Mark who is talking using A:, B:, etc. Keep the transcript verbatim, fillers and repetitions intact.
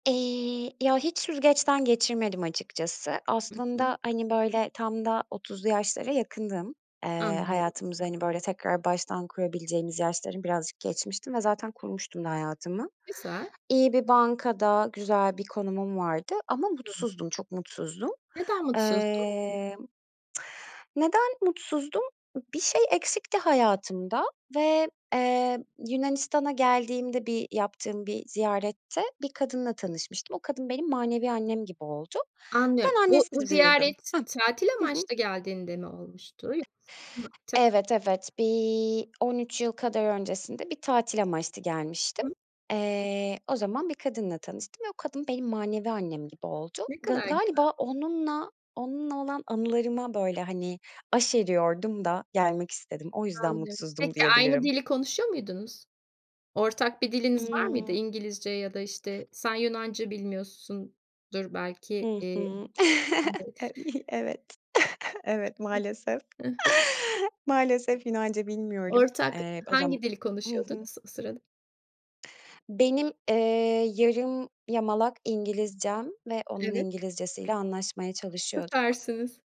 A: Eee, ya, hiç süzgeçten geçirmedim açıkçası.
B: Hı hı.
A: Aslında hani, böyle, tam da otuzlu yaşlara yakındım. Eee,
B: Anlıyorum.
A: hayatımızı, hani, böyle, tekrar baştan kurabileceğimiz yaşları birazcık geçmiştim ve zaten kurmuştum da hayatımı.
B: Güzel.
A: İyi bir bankada güzel bir konumum vardı ama
B: Hı hı.
A: mutsuzdum, çok mutsuzdum.
B: Neden mutsuzdun?
A: Emm, neden mutsuzdum? I bir şey eksikti hayatımda ve, eee, Yunanistan'a geldiğimde bir yaptığım bir ziyarette bir kadınla tanışmıştım. O kadın benim manevi annem gibi oldu.
B: Anlıyorum,
A: Ben
B: bu bu
A: annesiz büyüdüm.
B: ziyaret tatil
A: Hıh. Hı hı.
B: amaçlı geldiğinde mi olmuştu yoksa [unintelligible] temelli
A: Evet
B: gel
A: evet. Bir on üç yıl kadar öncesinde bir tatil amaçlı gelmiştim.
B: Hı.
A: Eee, o zaman bir kadınla tanıştım ve o kadın benim manevi annem gibi oldu.
B: Ne
A: Ga
B: kadar güzel.
A: galiba onunla, onunla olan anılarıma böyle hani aşeriyordum da gelmek istedim, o yüzden
B: Anlıyorum.
A: mutsuzdum
B: Peki aynı
A: diyebilirim.
B: dili konuşuyor muydunuz? Ortak bir diliniz var mıydı?
A: Hımm.
B: İngilizce ya da, işte, sen Yunanca bilmiyorsundur belki,
A: Hı
B: iii
A: hı.
B: [unintelligible] [unintelligible]
A: Ev iii, evet, evet, maalesef.
B: Hı hı.
A: Maalesef, Yunanca bilmiyorum,
B: Ortak
A: eee, o zam
B: hangi dili
A: Hı hı.
B: konuşuyordunuz o sırada?
A: Benim, eee, yarım yamalak İngilizcem ve onun
B: Evet.
A: İngilizcesiyle anlaşmaya çalışıyorduk.
B: Süpersiniz.